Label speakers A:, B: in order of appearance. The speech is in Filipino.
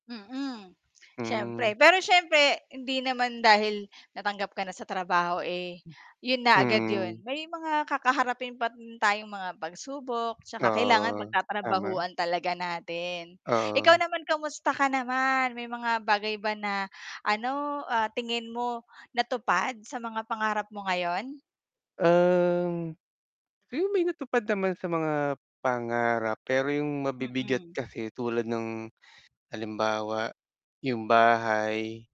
A: Mm,
B: Hmm.
A: siyempre. Pero siyempre hindi naman dahil natanggap ka na sa trabaho, eh, 'yon na agad
B: Mm.
A: 'yon. May mga kakaharapin pa rin tayong mga pagsubok. 'Tsaka kailangan
B: Oo, tama.
A: pagtatrabahuan talaga natin. Ikaw
B: Oo.
A: naman, kamusta ka naman? May mga bagay ba na, ano, ah, tingin mo natupad sa mga pangarap mo ngayon?
B: Ang 'yong may natupad naman sa mga pangarap. Pero 'yong mabibigat
A: Mm.
B: kasi tulad ng halimbawa 'yong bahay.